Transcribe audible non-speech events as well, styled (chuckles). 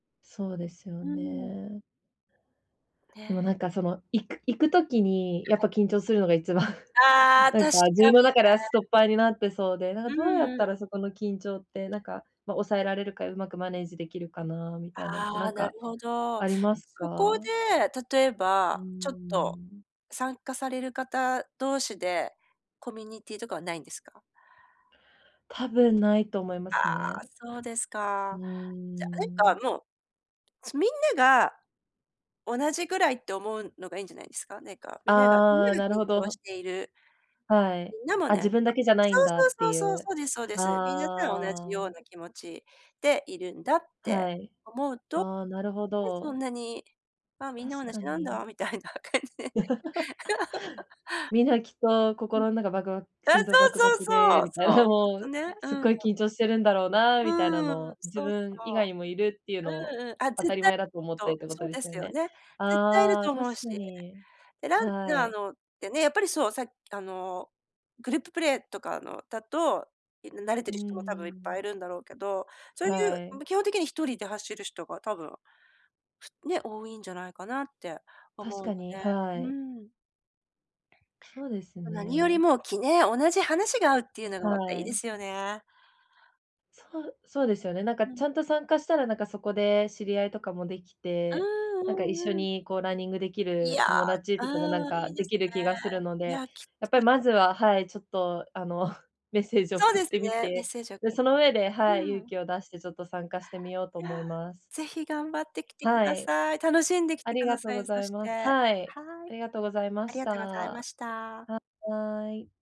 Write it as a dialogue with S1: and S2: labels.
S1: そうですよ
S2: うーん。
S1: ね。でもな
S2: ね。
S1: んか、その、行く行く時に
S2: は
S1: やっ
S2: い。
S1: ぱ緊張するのが一番、
S2: あ
S1: (chuckles)
S2: あ、
S1: な
S2: 確
S1: んか自
S2: か
S1: 分の
S2: に
S1: 中
S2: ね。
S1: ではストッパーになってそうで、なん
S2: う
S1: どうや
S2: ん
S1: っ
S2: う
S1: た
S2: ん。
S1: らそこの緊張って、なんか、ま、抑えられるか、うまくマネージできるかなみたいなんて、な
S2: あ
S1: ん
S2: あ、な
S1: か、
S2: るほど。
S1: あります
S2: そこ
S1: か？
S2: で、例え
S1: うー
S2: ば、ちょっと
S1: ん。
S2: 参加される方同士で、コミュニティとかはないんですか？
S1: 多分ないと思いま
S2: ああ、
S1: すね。
S2: そうです
S1: う
S2: か。
S1: ー
S2: じゃあ、なん
S1: ん。
S2: か、もう、すみんなが同じぐらいって思うのがいいんじゃないですか？ねえか、みながみん
S1: あ
S2: な
S1: あ、
S2: が緊
S1: なるほ
S2: 張
S1: ど。
S2: している、
S1: はい。
S2: みんなも
S1: あ、
S2: な
S1: 自
S2: んか
S1: 分だけじゃない
S2: そ
S1: んだっ
S2: う
S1: て
S2: そう
S1: い
S2: そうそう、
S1: う。
S2: そうですそうです。皆さん同じよ
S1: あ
S2: う
S1: あ。
S2: な気持ちでいるんだって
S1: はい。あ、なるほ
S2: 思うと、ね、そ
S1: ど。
S2: んなに、あ、みんな同
S1: 確か
S2: じなん
S1: に。
S2: だ、みたいな感じで。(laughs)
S1: (laughs) みんなきっと
S2: うん。
S1: 心の中バクバク
S2: あ、
S1: 心臓バク
S2: そ
S1: バ
S2: うそう
S1: クで
S2: そう、
S1: みたい
S2: そ
S1: な
S2: う、きっ
S1: も
S2: と
S1: う、
S2: ね。う
S1: すっ
S2: ん。
S1: ごい緊張してるんだろうなみたいなの
S2: うーん、
S1: を、自
S2: そうそ
S1: 分以外にもいるっていうの
S2: う。
S1: を
S2: うんうん。あ、
S1: 当た
S2: 絶
S1: り
S2: 対-
S1: 前だと思ってっ
S2: と、
S1: てこ
S2: そ
S1: と
S2: う
S1: で
S2: で
S1: す
S2: す
S1: よ
S2: よ
S1: ね。
S2: ね。絶対いる
S1: ああ、
S2: と思
S1: 確
S2: うし。
S1: かに。
S2: で、ラン
S1: は
S2: ナ
S1: い。
S2: ーのってね、やっぱりそう、さっき、あの、グループプレーとかのだと、いな慣れ
S1: う
S2: て
S1: ー
S2: る人も多分いっぱい
S1: ん。
S2: いるんだろうけど、そう
S1: は
S2: いう、ん、
S1: い。
S2: ま、基本的に一人で走る人が多分、ふね、多いんじゃないかなって思
S1: 確
S2: うので。
S1: かに、はい。
S2: うーん。
S1: そうです
S2: も、何より
S1: ね。
S2: も、きねえ、同じ話が合うっていうのが
S1: は
S2: またいいで
S1: い。
S2: すよね。
S1: そうそうですよね。なんか、
S2: う
S1: ち
S2: ん。
S1: ゃんと参加したら、なんか、そこで知り合いとかもでき
S2: うー
S1: て、
S2: ん、
S1: なんか、
S2: う
S1: 一緒
S2: んうん。
S1: に、こう、ランニングでき
S2: いや、
S1: る友達
S2: う
S1: とかも、なん
S2: ーん、い
S1: か、
S2: いで
S1: で
S2: す
S1: きる
S2: ね。
S1: 気がするの
S2: い
S1: で、
S2: や、きっ。
S1: やっぱ
S2: (unintelligible)
S1: りまずははい、ちょっと、あの、メッセージを
S2: そう
S1: 送
S2: で
S1: っ
S2: す
S1: てみ
S2: ね、メッ
S1: て、
S2: セージを、
S1: で、そ
S2: (unintelligible)
S1: の上ではい、
S2: う
S1: 勇
S2: ん。
S1: 気を出してちょっと参加してみようと
S2: い
S1: 思い
S2: や、
S1: ます。
S2: ぜひ頑張ってきてく
S1: は
S2: だ
S1: い。
S2: さい。楽しんでき
S1: あ
S2: て
S1: り
S2: くだ
S1: がとう
S2: さ
S1: ご
S2: い、そ
S1: ざい
S2: して。
S1: ます。はい、
S2: はい。
S1: ありがとうございま
S2: あり
S1: し
S2: がとうございま
S1: た。
S2: した。
S1: はい。